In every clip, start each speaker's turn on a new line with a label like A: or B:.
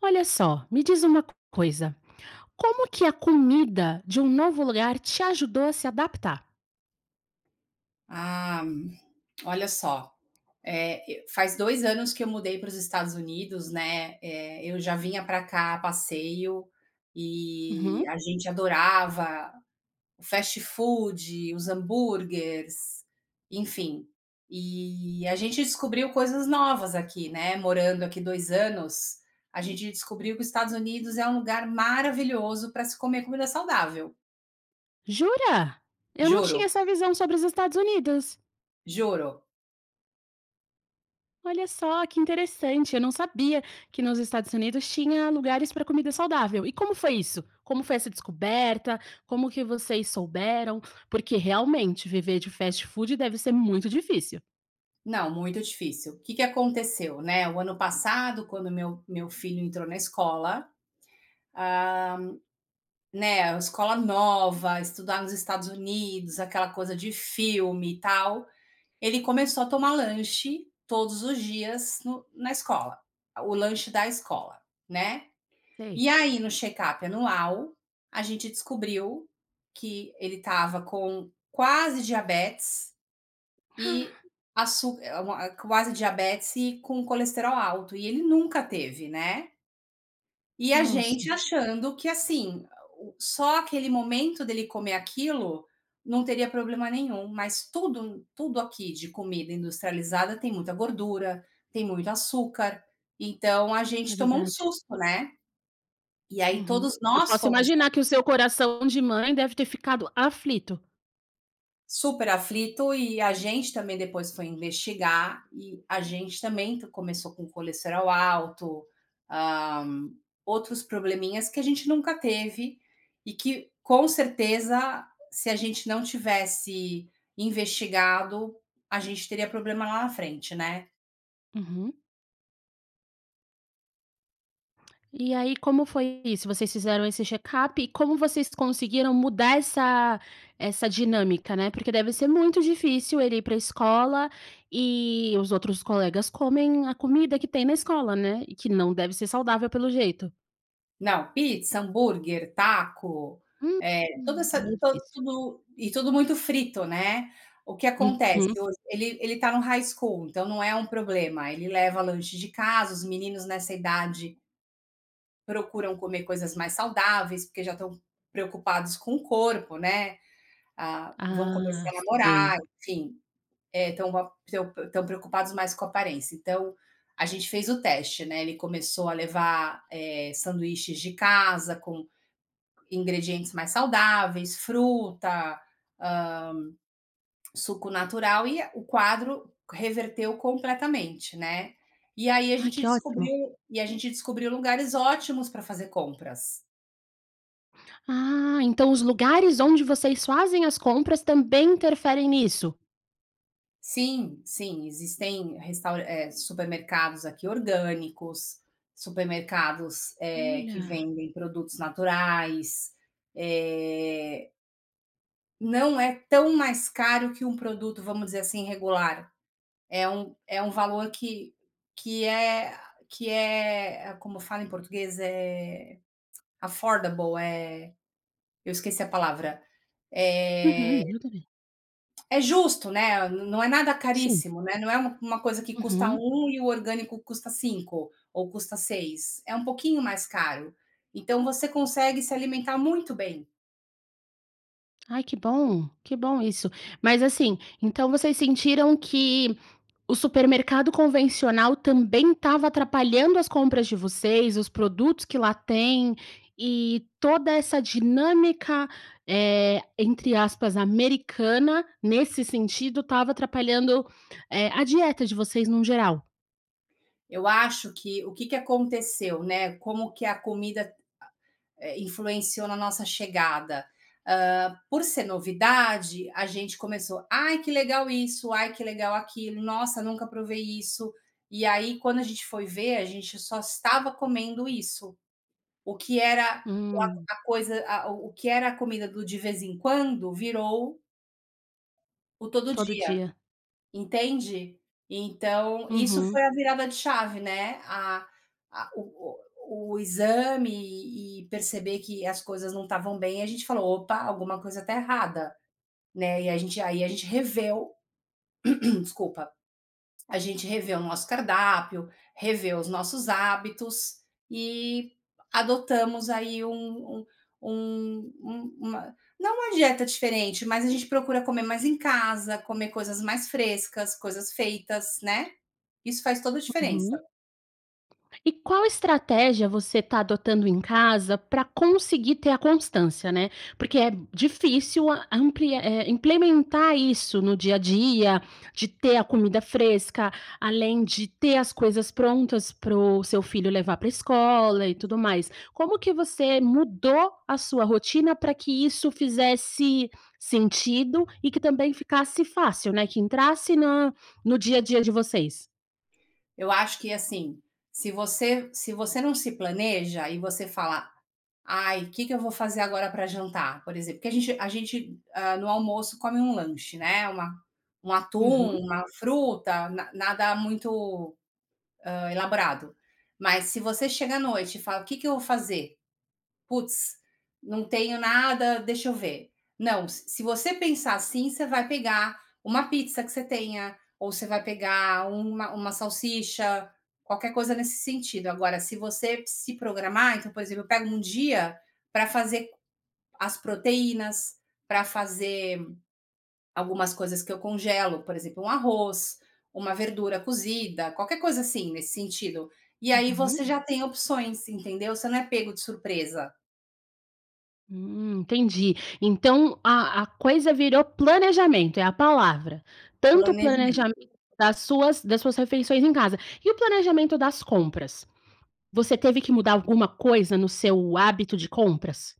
A: Olha só, me diz uma coisa, como que a comida de um novo lugar te ajudou a se adaptar?
B: Ah, olha só, eh, e faz 2 anos que eu mudei para os Estados Unidos, né, eh, eu já vinha pra cá a passeio e
A: Uhum.
B: a gente adorava o fast food, os hamburgers, enfim, e a gente descobriu coisas novas aqui, né, morando aqui 2 anos, a gente descobriu que os Estados Unidos é um lugar maravilhoso pra se comer comida saudável.
A: Jura? Eu não tinha
B: Juro.
A: essa visão sobre os Estados Unidos.
B: Juro.
A: Olha só, que interessante. Eu não sabia que nos Estados Unidos tinha lugares pra comida saudável. E como foi isso? Como foi essa descoberta? Como que vocês souberam? Porque, realmente, viver de fast food deve ser muito difícil.
B: Não, muito difícil. O. Que que aconteceu, né? O ano passado, quando meu meu filho entrou na escola, hã, né, a escola nova, estudar nos Estados Unidos, aquela coisa de filme, e tal, ele começou a tomar lanche todos os dias no na escola, a o lanche da escola, né,
A: Sei.
B: e aí, no check-up anual, a gente descobriu que ele estava com quase diabetes e
A: Ah!
B: açú eh, u uma quase diabetes e com colesterol alto, e ele nunca teve, né. E a
A: Nossa.
B: gente achando que assim a o só aquele momento dele comer aquilo não teria problema nenhum, mas tudo m tudo aqui de comida industrializada, tem muita gordura, tem muito açúcar, então a
A: É
B: gente tomou um
A: verdade.
B: susto, né, e aí
A: Uhum.
B: todos
A: Eu
B: nós
A: posso
B: fomos
A: imaginar
B: aplicando.
A: que o seu coração de mãe deve ter ficado aflito.
B: Super aflito, e a gente, também, depois foi investigar, e a gente também t começou com o colesterol alto, ah, outros probleminhas que a gente nunca teve e que, com certeza, se a gente não tivesse investigado, a gente teria problema lá na frente, né.
A: Uhum. E aí, como foi isso? Vocês fizeram esse check-up, e como vocês conseguiram mudar essa essa dinâmica, né. Porque deve ser muito difícil ele ir para a escola, e os outros colegas comem a comida que tem na escola, né, e que não deve ser saudável, pelo jeito.
B: Não, pizza, hambúrguer, taco,
A: Hum,
B: eh, toda essa
A: meio
B: to
A: difícil.
B: tudo e tudo muito frito, né. O que acontece
A: Uhum.
B: hoje, ele ele tá no high school, então não é um problema. Ele leva lanche de casa, os meninos nessa idade procuram comer coisas mais saudáveis, porque já estão preocupados com o corpo, né. Ah, vão
A: Ah,
B: começar a namorar,
A: sei.
B: enfim. É, estão com a estão p estão preocupados mais com a aparência. Então, a gente fez o teste, né, ele começou a levar, eh, sanduíches de casa com ingredientes mais saudáveis, fruta, hã, suco natural. E a o quadro reverteu completamente, né. E aí a
A: Ai,
B: gente
A: que ótimo.
B: descobriu e a gente descobriu lugares ótimos para fazer compras.
A: Ah, então, os lugares onde vocês fazem as compras também interferem nisso?
B: Sim sim, existem restaura eh, supermercados aqui orgânicos, supermercados, eh, que
A: Olha!
B: vendem produtos naturais, eh não é tão mais caro que um produto, vamos dizer assim, regular, é um é um valor que que é que é, como fala em português, é, affordable, eh, eu esqueci a palavra. Eh
A: Uhum, e eu também.
B: é justo, né. N não é nada
A: Sim.
B: caríssimo, né. Não é uma coisa que custa
A: Uhum.
B: 1 e o orgânico custa 5 ou custa 6, é um pouquinho mais caro. Então, você consegue se alimentar muito bem.
A: Ai, que bom, que bom isso. Mas assim, então vocês sentiram que o supermercado convencional também estava atrapalhando as compras de vocês, os produtos que lá tem e toda essa dinâmica, eh, entre aspas “americana”, nesse sentido, estava atrapalhando, eh, a dieta de vocês, num geral.
B: Eu acho que, o que que aconteceu, né, como que a comida a é, influenciou na nossa chegada. Hã, por ser novidade, a gente começou: "Ai, que legal isso, ai que legal aquilo. Nossa, nunca provei isso". E aí, quando a gente foi ver, a gente só estava comendo isso. O que era o a
A: Hum.
B: a coisa a o o que era a comida do de vez em quando virou o todo
A: Todo
B: dia,
A: dia.
B: entende? Então, isso
A: Uhum.
B: foi a virada de chave, né. A a o o o exame e e perceber que as coisas não estavam bem, a gente falou: "Opa, alguma coisa está errada". Né, e a gente e aí a gente reviu desculpa, a gente reviu o nosso cardápio, reviu os nossos hábitos e, adotamos aí um um um um uma não uma dieta diferente, mas a gente procura comer mais em casa, comer coisas mais frescas, coisas feitas, né. Isso faz toda a diferença.
A: Uhum. E qual estratégia você está adotando em casa para conseguir ter a constância, né. Porque é difícil, hã, amplia é, implementar isso no dia a dia, de ter a comida fresca, além de ter as coisas prontas para o seu filho levar para a escola, e tudo mais. Como que você mudou a sua rotina para que isso fizesse sentido e que também ficasse fácil, né, que entrasse na no dia a dia de vocês?
B: Eu acho que assim, se você se você não se planeja, e você fala: "Ai, que que eu vou fazer agora para jantar?", por exemplo. Porque a gente a gente hã, no almoço, come um lanche, né, uma um atum,
A: Uhum.
B: uma fruta na nada muito, hã, elaborado. Mas se você chega à noite e fala: "O que que eu vou fazer? Putz, não tenho nada, deixa eu ver". Não, s se você pensar assim, você vai pegar uma pizza que você tenha, ou você vai pegar uma uma salsicha, qualquer coisa nesse sentido. Agora, se você se programar então, por exemplo, eu pego um dia para fazer as proteínas, para fazer algumas coisas que eu congelo, por exemplo, um arroz, uma verdura cozida, qualquer coisa assim, nesse sentido. E aí você
A: Uhum.
B: já tem opções, entendeu? Você não é pego de surpresa.
A: Hum, entendi. Então, a a coisa virou planejamento, é a palavra. Tanto o
B: Planejamento.
A: planejamento das suas das suas refeições em casa. E o planejamento das compras? Você teve que mudar alguma coisa no seu hábito de compras?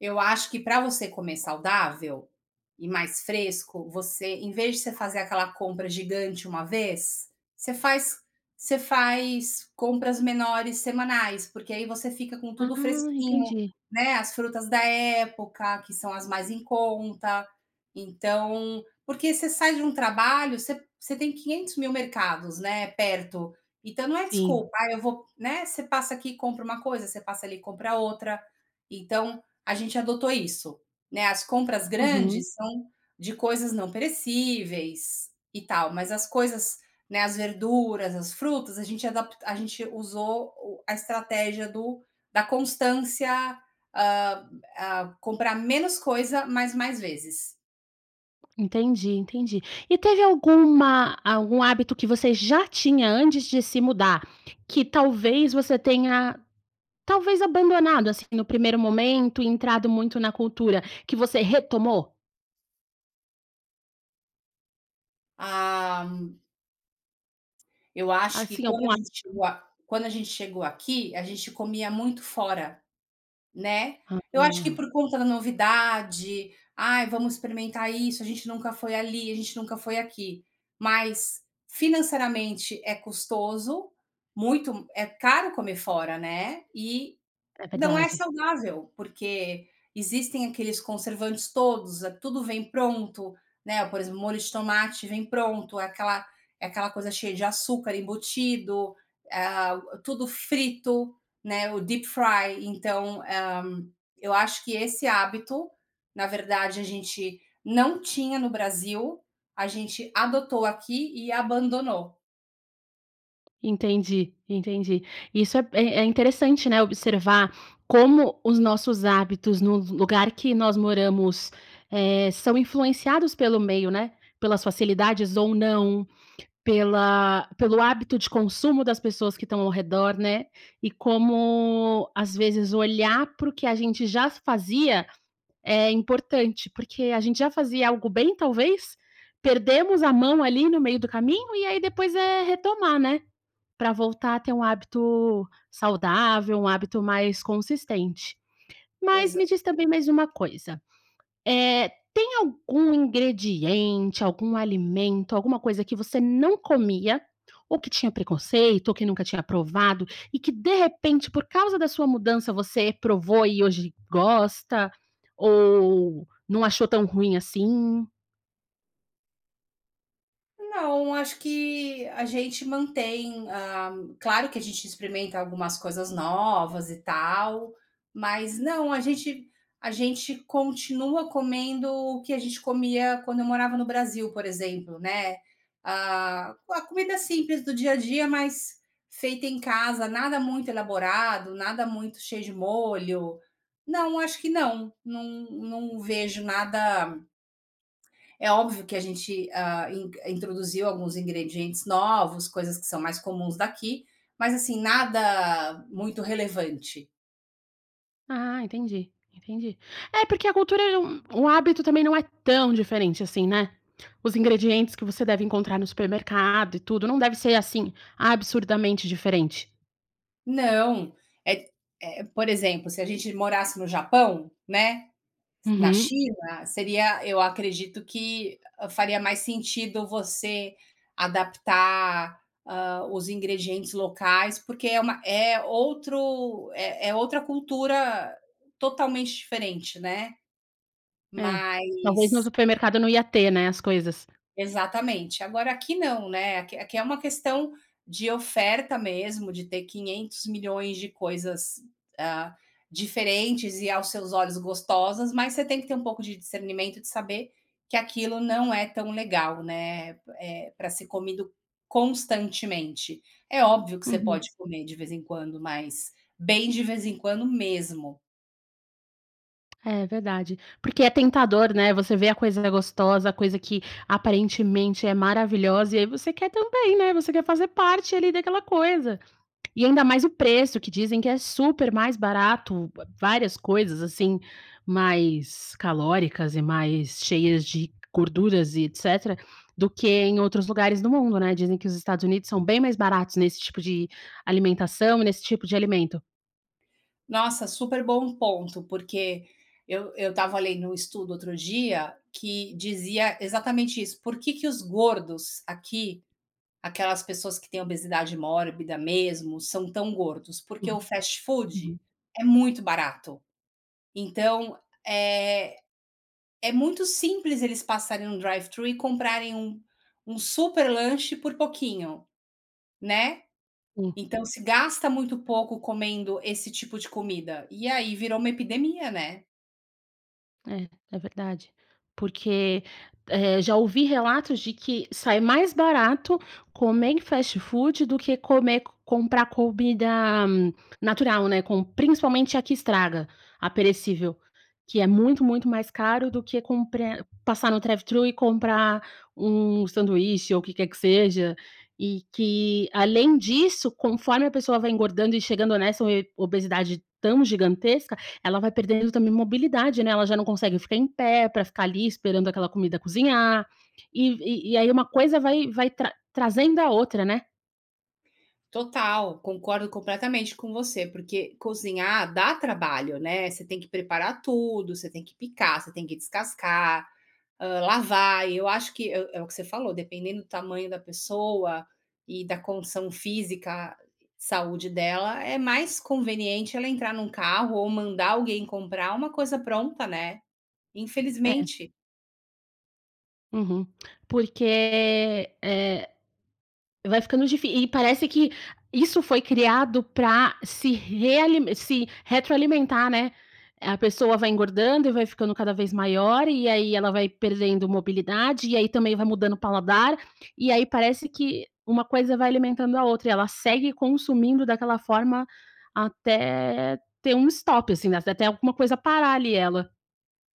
B: Eu acho que pra você comer saudável e mais fresco, você em vez de você fazer aquela compra gigante uma vez, você faz você faz compras menores semanais, porque aí você fica com
A: Ah,
B: tudo fresquinho,
A: entendi.
B: né. As frutas da época, que são as mais em conta. Então porque você sai de um trabalho, você você tem quinhentos mil mercados, né, perto. Então não é
A: Sim.
B: desculpa, "Ah, eu vou", né. Você passa aqui, compra uma coisa, você passa ali, compra outra. Então, a gente adotou isso. Né, as compras
A: Uhum.
B: grandes são de coisas não perecíveis, e tal. Mas as coisas né, as verduras, as frutas, a gente adapt a gente usou o a estratégia do da constância, hã hã, comprar menos coisa, mas mais vezes.
A: Entendi, entendi, e teve alguma algum hábito que você já tinha antes de se mudar, que talvez você tenha talvez abandonado, assim, no primeiro momento, entrado muito na cultura, que você retomou?
B: Ah eu acho que
A: Assim,
B: quando a
A: algum
B: gente
A: hábito?
B: chegou a quando a gente chegou aqui, a gente comia muito fora, né, eu acho que
A: Ah.
B: por conta da novidade. "Ai, vamos experimentar isso, a gente nunca foi ali, a gente nunca foi aqui." Mas financeiramente é custoso, muito é caro comer fora, né, e
A: É
B: não é
A: verdade.
B: saudável, porque existem aqueles conservantes todos, tudo vem pronto, né, por exemplo, molho de tomate vem pronto, aquela aquela coisa cheia de açúcar embutido, ah, tudo frito, né, o deep fry, então, ah, eu acho que esse hábito, na verdade, a gente não tinha no Brasil, a gente adotou aqui e abandonou.
A: Entendi, entendi. Isso é p é é interessante, né, observar como os nossos hábitos no vu lugar que nós moramos, eh, são influenciados pelo meio, né. Pelas facilidades ou não, pela pelo hábito de consumo das pessoas que estão ao redor, né. E como, às vezes, olhar para o que a gente já fazia é importante, porque a gente já fazia algo bem, talvez. Perdemos a mão ali no meio do caminho, e aí, depois é retomar, né. Pra voltar a ter um hábito saudável, um hábito mais consistente. Mas, me
B: Exa
A: diz também mais uma coisa, eh, tem algum ingrediente, algum alimento, alguma coisa que você não comia, ou que tinha preconceito, ou que nunca tinha provado e que, de repente, por causa da sua mudança, você provou e hoje gosta, ou não achou tão ruim assim?
B: Não, acho que a gente mantém, ah claro que a gente experimenta algumas coisas novas, e tal. Mas não, a gente a gente continua comendo o que a gente comia quando eu morava no Brasil, por exemplo, né. Ah, a comida simples do dia a dia, mas feita em casa, nada muito elaborado, nada muito cheio de molho. Não, acho que não. Não não vejo nada é óbvio que a gente, ah, in introduziu alguns ingredientes novos, coisas que são mais comuns daqui. Mas assim, nada muito relevante.
A: Ah, entendi, entendi. É, porque a cultura é um um hábito também não é tão diferente, assim, né. Os ingredientes que você deve encontrar no supermercado e tudo, não deve ser, assim, absurdamente diferente.
B: Não é q eh, por exemplo, se a gente morasse no Japão, né, na
A: Uhum.
B: China, seria eu acredito que faria mais sentido você adaptar, hã, os ingredientes locais, porque é uma é outro é é outra cultura totalmente diferente, né.
A: É, talvez no
B: Mas
A: supermercado não ia ter, né, as coisas.
B: Exatamente. Agora, aqui não, né. Aqui aqui é uma questão de oferta mesmo, de ter 500.000.000 de coisas, ah, diferentes e aos seus olhos gostosas, mas você tem que ter um pouco de discernimento, de saber que aquilo não é tão legal, né, eh, pra ser comido constantemente. É óbvio que você
A: Uhum.
B: pode comer de vez em quando, mas, bem de vez em quando, mesmo.
A: É verdade, porque é tentador, né. Você vê a coisinha gostosa, a coisa que, aparentemente, é maravilhosa, e aí você quer também, né, você quer fazer parte ali daquela coisa. E ainda mais o preço que dizem que é super mais barato, v várias coisas assim, mais calóricas e mais cheias de gorduras e etcétera, do que em outros lugares do mundo, né. Dizem que os Estados Unidos são bem mais baratos, nesse tipo de alimentação e nesse tipo de alimento.
B: Nossa, super bom ponto, porque eu eu estava lendo um estudo, outro dia, que dizia exatamente isso. Por que que os gordos aqui, aquelas pessoas que têm obesidade mórbida mesmo, são tão gordos? Porque
A: Uhum,
B: o fast food
A: uhum.
B: é muito barato. Então, é é muito simples eles passarem num drive-thru e comprarem um um super lanche por pouquinho, né.
A: Sim.
B: Então se gasta muito pouco comendo esse tipo de comida. E aí, virou uma epidemia, né?
A: É, é verdade, porque, eh, já ouvi relatos de que sai mais barato comer em fast food do que come comprar comida natural, né, com principalmente a que estraga, a perecível, que é muito, muito mais caro do que comprar passar no drive-thru e comprar um sanduíche ou o que quer que seja, e que, além disso, conforme a pessoa vai engordando e chegando nessa ob obesidade tão gigantesca, ela vai perdendo também mobilidade, né, ela já não consegue ficar em pé pra ficar ali esperando aquela comida cozinhar, e e e aí uma coisa vai vai tra trazendo a outra, né.
B: Total, concordo completamente com você, porque cozinhar dá trabalho, né, você tem que preparar tudo, você tem que picar, você tem que descascar, hã, lavar, e eu acho que é é o que você falou, dependendo do tamanho da pessoa e da condição física, saúde dela, é mais conveniente ela entrar num carro ou mandar alguém comprar uma coisa pronta, né,
A: É.
B: infelizmente.
A: Uhum. Porque, eh, vai ficando difí e parece que isso foi criado para se realime se retroalimentar, né. A pessoa vai engordando e vai ficando cada vez maior, e aí ela vai perdendo mobilidade, e aí também vai mudando o paladar, e aí parece que uma coisa vai alimentando a outra. E ela segue consumindo daquela forma, até ter um stop, assim, a até alguma coisa parar ali ela.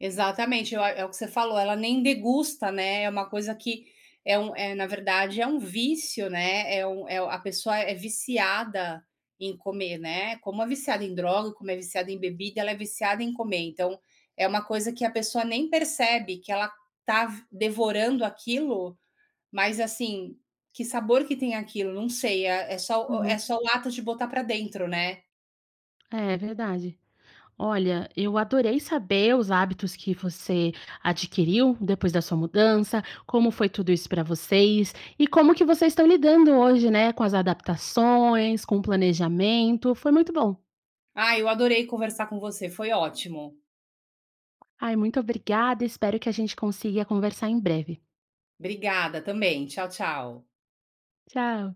B: Exatamente. Eu a é o que você falou, ela nem degusta, né. É uma coisa que, é um é, na verdade, é um vício, né. É um, é a pessoa é viciada em comer, né. Como é viciada em droga, como é viciada em bebida, ela é viciada em comer. Então, é uma coisa que a pessoa nem percebe que ela está v devorando aquilo. Mas assim, que sabor que tem aquilo? Não sei, eh, é só é
A: Uhum.
B: só o ato de botar pra dentro, né.
A: É, verdade. Olha, eu adorei saber os hábitos que você adquiriu, depois da sua mudança. Como foi tudo isso para vocês, e como que vocês estão lidando hoje, né, com as adaptações, com o planejamento. Foi muito bom.
B: Ai, eu adorei conversar com você, foi ótimo.
A: Ai, muito obrigada, espero que a gente consiga conversar em breve.
B: Obrigada. Também. Tchau, tchau.
A: Tchau.